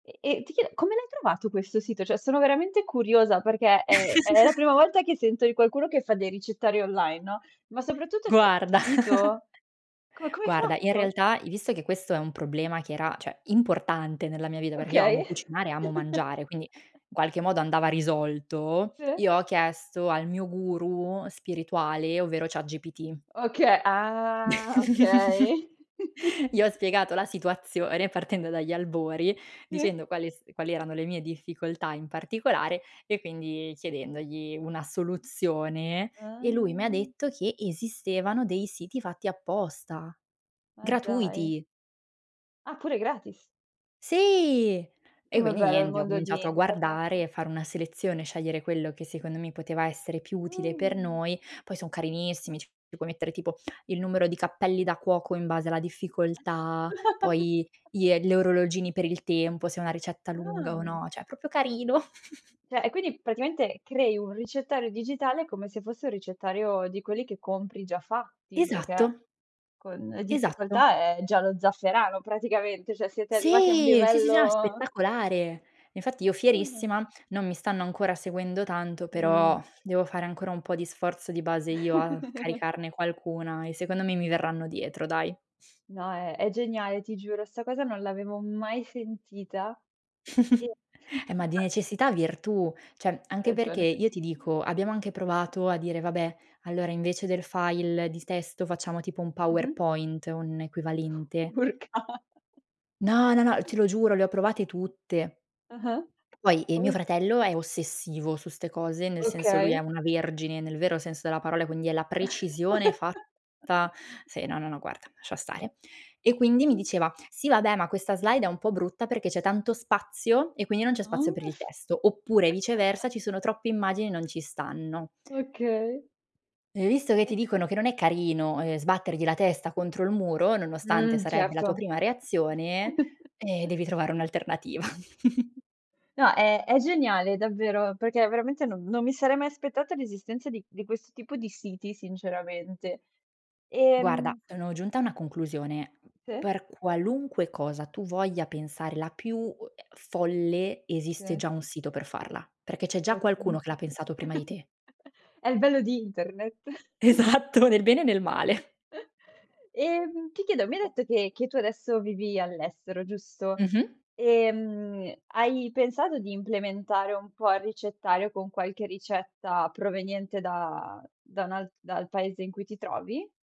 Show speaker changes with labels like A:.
A: E e ti chie come l'hai trovato questo sito? Cioè, sono veramente curiosa perché è è la prima volta che sento di qualcuno che fa dei ricettari online, no. Ma soprattutto, c'è il
B: Guarda
A: sito? Come come hai
B: guarda, in
A: fatto?
B: realtà, i visto che questo è un problema che era, cioè, importante nella mia vita, perché io amo
A: Okay.
B: cucinare, amo mangiare, quindi in qualche modo andava risolto,
A: Sì.
B: io ho chiesto al mio guru spirituale, ovvero ChatGPT.
A: Oka ah, okay.
B: Gli ho spiegato la situazione, partendo dagli albori,
A: Sì.
B: dicendo quale s quali erano le mie difficoltà in particolare, e quindi chiedendogli una soluzione. E lui mi ha
A: Ah.
B: detto che esistevano dei siti fatti apposta,
A: Ma dai.
B: gratuiti.
A: Ah pure gratis.
B: Sì! E
A: Com'è
B: quindi
A: bello il
B: niente, ho
A: mondo di
B: cominciato a
A: internet.
B: guardare, fare una selezione, scegliere quello che secondo me poteva essere più utile per
A: Mh.
B: noi. Poi son carinissimi, ci puoi mettere tipo il numero di cappelli da cuoco, in base alla difficoltà, poi glie gli orologini per il tempo, se è una ricetta lunga o
A: Ah.
B: no, cioè è proprio carino.
A: Cioè e quindi praticamente, crei un ricettario digitale, come se fosse un ricettario di quelli che compri già fatti, perché
B: Esatto.
A: con le
B: Esatto.
A: difficoltà è Giallo Zafferano praticamente, cioè siete arrivati a un
B: Sì, sì, s no, è
A: livello
B: spettacolare. E infatti io
A: Ah.
B: fierissima, non mi stanno ancora seguendo tanto, però,
A: Mh.
B: devo fare ancora un pò di sforzo di base io a caricarne qualcuna, e secondo me mi verranno dietro dai.
A: No, è è geniale, ti giuro. 'Sta cosa non l'avevo mai sentita. E
B: Eh ma di
A: [unintelligible]
B: necessità virtù. Cioè
A: Hai
B: anche perché
A: ragione.
B: io ti dico, abbiamo anche provato a dire: "Vabbè, allora invece del file di testo facciamo tipo un
A: Mh-mh.
B: powerpoint, un equivalente".
A: Urca. [unintelligible]
B: No, no, no, te lo giuro, le ho provate tutte.
A: Ah-ah.
B: Poi e
A: Ma vo
B: mio fratello è ossessivo su 'ste cose, nel senso lui è
A: Okay.
B: una vergine, nel vero senso della parola, quindi è la precisione fatta sì, no, no, no, guarda, lascia stare. E quindi mi
A: Mh.
B: diceva: "Sì vabbè, ma questa slide è un po' brutta perché c'è tanto spazio, e qui non c'è spazio
A: Mh.
B: per il testo". Oppure, viceversa, ci sono troppe immagini e non ci stanno.
A: Okay.
B: E visto che ti
A: E
B: dicono che non è carino, ehm, sbattergli la testa contro il muro, nonostante
A: Mh,
B: sarebbe la tua
A: certo.
B: prima reazione, eh, devi trovare un'alternativa.
A: No, è è geniale davvero, perché veramente non non mi sarei mai aspettata l'esistenza di di questo tipo di siti sinceramente.
B: Guarda,
A: Ehm
B: sono giunta a una conclusione.
A: Se.
B: Per qualunque cosa tu voglia pensare la più u ehm, folle, esiste
A: Sì.
B: già un sito per farla. Perché c'è già
A: Ecco.
B: qualcuno che l'ha pensato prima di te.
A: È il bello di internet.
B: Esatto, nel bene e nel male.
A: Ehm, ti chiedo, mi hai detto che che tu adesso vivi all'estero, giusto?
B: Mh-mh.
A: Ehm, hai pensato di implementare un po' il ricettario con qualche ricetta proveniente da da un alt dal paese in cui ti trovi?